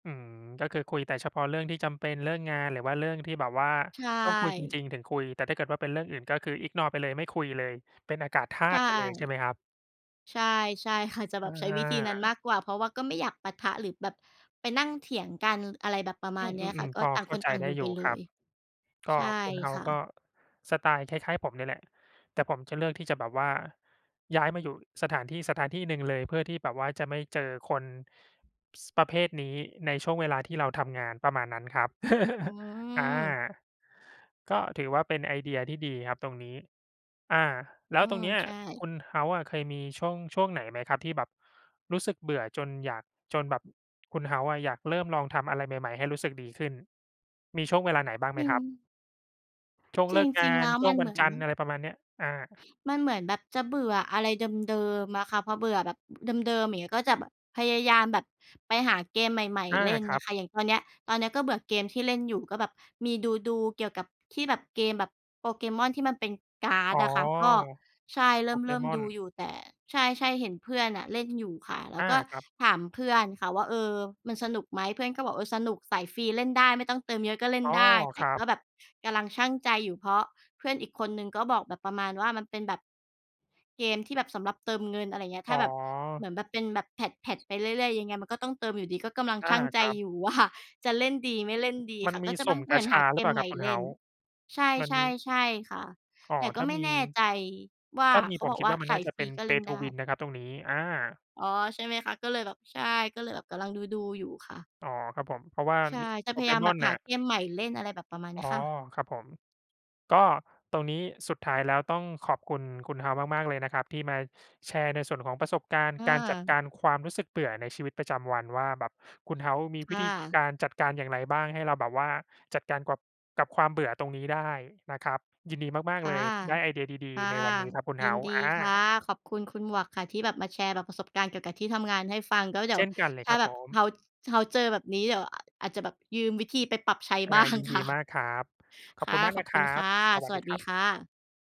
อืม ก็คือคุยแต่เฉพาะเรื่องที่จำเป็น เรื่องงานหรือว่าเรื่องที่แบบว่าใชต้องคุยจริ่ ง ๆ ถึงคุย แต่ถ้าเกิดว่าเป็นเรื่องอื่น ก็คือ ignore ไปเลย ไม่คุยเลย เป็นอากาศธาใชต่ ุไปเลยใช่ไหมครับ? ใช่ ใช่ค่ะ จะแบอบใช้วิธีนั้นมา ากกว่า เพราะว่าก็ไม่อยากปะทะ หรือแบบไปนั่งเถียงกัน อะไรแบบประมอืาณเนี้ยค่ะ ม ๆ ก็ๆ พอต่างเขค้านใจต่างไอดยู้่อไยปู่เลครับ ย ก็ใช่คุณเฮาคส์่กะ ็ สไตล์คล้าย ๆ ผมเนี่ยแหละ แต่ผมจะเลือกที่จะแบบว่าย้ายมาอยู่สถานที่สถานที่หนึ่งเลย เพื่อที่แบบว่าจะไม่เจอคน ส ประเภทนี้ ในช่วงเวลาที่เราทำงาน ประมาณนั้นครับ อือา ม ก็ถือว่าเป็นไอเดียที่ดีครับตรงนี้ อา แล้อืวตรม งเนี้ย ใช่ คุณเฮาส์อะเคยมีช่วง ช่วงไหนไหมครับ ที่แบบรู้สึกเบื่อจนอยาก จนแบบคุณเฮาส์อะอยากเริ่มลองทำอะไรใหม่ ๆ ให้รู้สึกดีขึ้น มีช่วงเวลาไหนบ้างไหจมริครับ? ง ช่วงจเลิกงาริง ๆ แลน ้วชม่วังนเวัหนมือจัน นทร์ อะไรประมาณเนี้ย อา มันเหมือนแบบจะเบื่ออะไรเดิม ๆ อะค่ะ พอเบื่อแบบ อ เดิม ๆ อย่างเงี้ย ก็จะแบบพยายามแบบไปหาเกมใหม่ อา ๆ เล่นครนัะบ คะ อย่างตอนเนี้ย ตอนเนี้ยก็เบื่อเกมที่เล่นอยู่ ก็แบบมีดู ๆ เกี่ยวกับที่แบบเกมแบบโปเกมอนที่มันเป็นการ์อด๋อ อะค่ะ ก็ ใช่ เโรปเกิ่ม มๆ อดน ูอยู่ แต่ ใช่ ๆ เห็นเพื่อนน่ะเล่นอยู่ค่ะ แล้อวา ก็ครับ ถามเพื่อนค่ะว่า "เอ่อ มันสนุกไหม?" เพื่อนก็บอก "เออ สนุกสายฟรีเล่นได้ไม่ต้องเติมเยอะก็เล่อน๋อ ได้" แตค่รักบ ็แบบกำลังชั่งใจอยู่ เพราะเพื่อนอีกคนหนึ่งก็บอกแบบประมาณว่า มันเป็นแบบเกมที่แบบสำหรับเติมเงิน อะไรอย่างเงี้ย อถ้๋าแบบ เหอ มือนแบบเป็นแบบแพตช์ ๆ ไปเรื่อย ๆ ยังไงมันก็ต้องเติมอยู่ดี ก็กำลังอชา ั่งใจครับ อยู่ ว่า จะเล่นดีไม่เล่นดีมัคน่ะ มก็ีจะ สม ุ่มเกหมาือนชหาาเกหรือเปมล่าใหคมรั่บคุณเลเฮ่าน ส์? ใช่ มันใชม่ ี ใช่ค่ะ อ๋อ แต่กถ็้าไม่มี แน่ใจว่า ถ้ามีเขาผบมอกคิดว่าว่ามัสนนา่ายจะฟเปร็ีน ก็เล่Pay นไto ด้ win นะครับตรงนี้ อะ อ๋อ ใช่ไหมคะ ก็เลยแบบ ใช่ ก็เลยแบบกำลังดู ๆ อยู่ค่ะ อ๋อ ครับผม เพราะว่าใช่ มี จะโปพเยกายามมแบอบนหน่าะ เกมใหม่เล่น อะไรแบบประมาณเนอี๋้อ ยค่ะ ครับผม ก็ตรงนี้สุดท้ายแล้วต้องขอบคุณคุณเฮาส์มาก ๆ เลยนะครับ ที่มาแชร์ในส่วนของประสบการณ์อการจัดกา ารความรู้สึกเบื่อในชีวิตประจำวัน ว่าแบบคุณเฮ้าส์มีควิ่ธีะ การจัดการอย่างไรบ้าง ให้เราแบบว่าจัดการกับ กับความเบื่อตรงนี้ได้นะครับ ยินดีมาคก ๆ ่เละ ย ได้ไอเดียดี ค่ะ ๆ ในวันนี้ครับคุณยเิฮานสด์ ีอา ค่ะ ขอบคุณคุณหมวกค่ะที่แบบมาแชร์แบบประสบการณ์เกี่ยวกับที่ทำงานให้ฟัง ก็เดีเ๋ชยว่นกันเลถย้คารับแบผบม เฮาส์ เฮาส์เจอแบบนี้ เดี๋ยว อ อาจจะแบบยืมวิธีไปปรับใช้ อา บ้าง ยินคดี่มะ ากครับ ขอคบ่คุะ ณมากขอนะบคคุรณัคบ ่ะ สวสัสดวีัสคดรีับ ค่ะ